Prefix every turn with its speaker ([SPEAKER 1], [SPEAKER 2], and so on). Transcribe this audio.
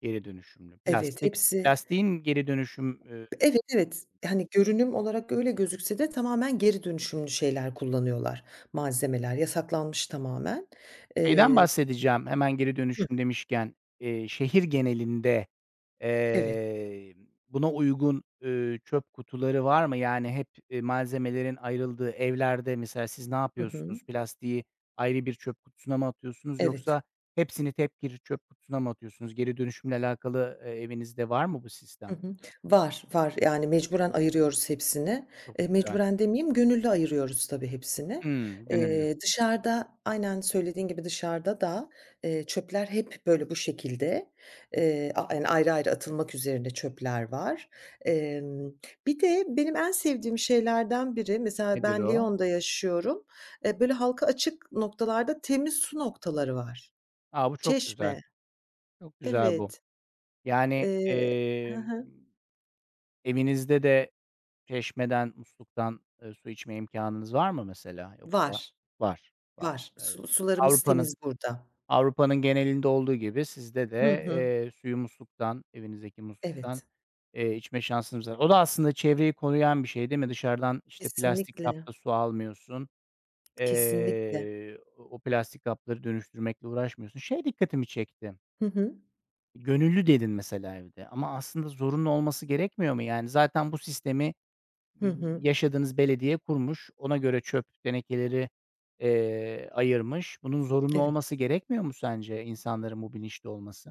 [SPEAKER 1] Geri dönüşümlü?
[SPEAKER 2] Evet,
[SPEAKER 1] Plastik
[SPEAKER 2] hepsi.
[SPEAKER 1] plastiğin geri dönüşüm, ııı
[SPEAKER 2] Evet, evet. Hani, görünüm olarak öyle gözükse de tamamen geri dönüşümlü şeyler kullanıyorlar malzemeler. Yasaklanmış tamamen.
[SPEAKER 1] şeyden
[SPEAKER 2] Eee
[SPEAKER 1] bahsedeceğim hemen geri
[SPEAKER 2] Hı.
[SPEAKER 1] dönüşüm demişken, eee, şehir genelinde,
[SPEAKER 2] Evet.
[SPEAKER 1] eee, buna uygun, üüü, çöp kutuları var mı? Yani hep, eee, malzemelerin ayrıldığı evlerde mesela siz
[SPEAKER 2] Hı hı.
[SPEAKER 1] napıyorsunuz? Plastiği ayrı bir çöp kutusuna mı atıyorsunuz
[SPEAKER 2] Evet.
[SPEAKER 1] yoksa hepsini tek bir çöp kutusuna mı atıyorsunuz? Geri dönüşümle alakalı, eee, evinizde var mı bu
[SPEAKER 2] Hı
[SPEAKER 1] sistem?
[SPEAKER 2] hı. Var, var. Yani, mecburen ayırıyoruz hepsini.
[SPEAKER 1] Çok
[SPEAKER 2] Eee,
[SPEAKER 1] güzel.
[SPEAKER 2] mecburen demeyeyim gönüllü ayırıyoruz tabii, hepsini.
[SPEAKER 1] Hımm, gönüllü.
[SPEAKER 2] Eee, dışarıda aynen, söylediğin gibi, dışarıda da, eee, çöpler hep böyle bu şekilde. Eee, yani, ayrı ayrı atılmak üzerine çöpler var. Emm, bir de benim en sevdiğim şeylerden biri, mesela,
[SPEAKER 1] Nedir
[SPEAKER 2] ben
[SPEAKER 1] o?
[SPEAKER 2] Lyon'da yaşıyorum. Eee, böyle, halka açık noktalarda temiz su noktaları var.
[SPEAKER 1] A, bu çok güzel.
[SPEAKER 2] Çeşme.
[SPEAKER 1] Çok güzel bu.
[SPEAKER 2] Evet.
[SPEAKER 1] Yani,
[SPEAKER 2] Eee he
[SPEAKER 1] emm,
[SPEAKER 2] he.
[SPEAKER 1] evinizde de çeşmeden, musluktan, eee, su içme imkânınız var mı mesela?
[SPEAKER 2] Var.
[SPEAKER 1] Yoksa Var, var.
[SPEAKER 2] Var.
[SPEAKER 1] Evet.
[SPEAKER 2] Su sularımız
[SPEAKER 1] Avrupa'nın
[SPEAKER 2] temiz burada.
[SPEAKER 1] Avrupa'nın genelinde olduğu gibi sizde
[SPEAKER 2] Hı
[SPEAKER 1] de,
[SPEAKER 2] hı.
[SPEAKER 1] eee, suyu musluktan, evinizdeki musluktan,
[SPEAKER 2] Evet.
[SPEAKER 1] eee, içme şansınız var. O da aslında çevreyi koruyan bir şey, değil mi? Dışarıdan, işte, plastik
[SPEAKER 2] Kesinlikle.
[SPEAKER 1] kapta su almıyorsun.
[SPEAKER 2] Kesinlikle.
[SPEAKER 1] Eee, o plastik kapları dönüştürmekle uğraşmıyorsun. Şey dikkatimi çekti.
[SPEAKER 2] Hı hı.
[SPEAKER 1] "Gönüllü" dedin mesela evde. Ama aslında zorunlu olması gerekmiyor mu yani? Zaten bu sistemi
[SPEAKER 2] Hı
[SPEAKER 1] y
[SPEAKER 2] hı.
[SPEAKER 1] yaşadığınız belediye kurmuş. Ona göre çöp tenekeleri, eee, ayırmış. Bunun zorunlu
[SPEAKER 2] Evet.
[SPEAKER 1] olması gerekmiyor mu sence insanların bu bilinçte olması?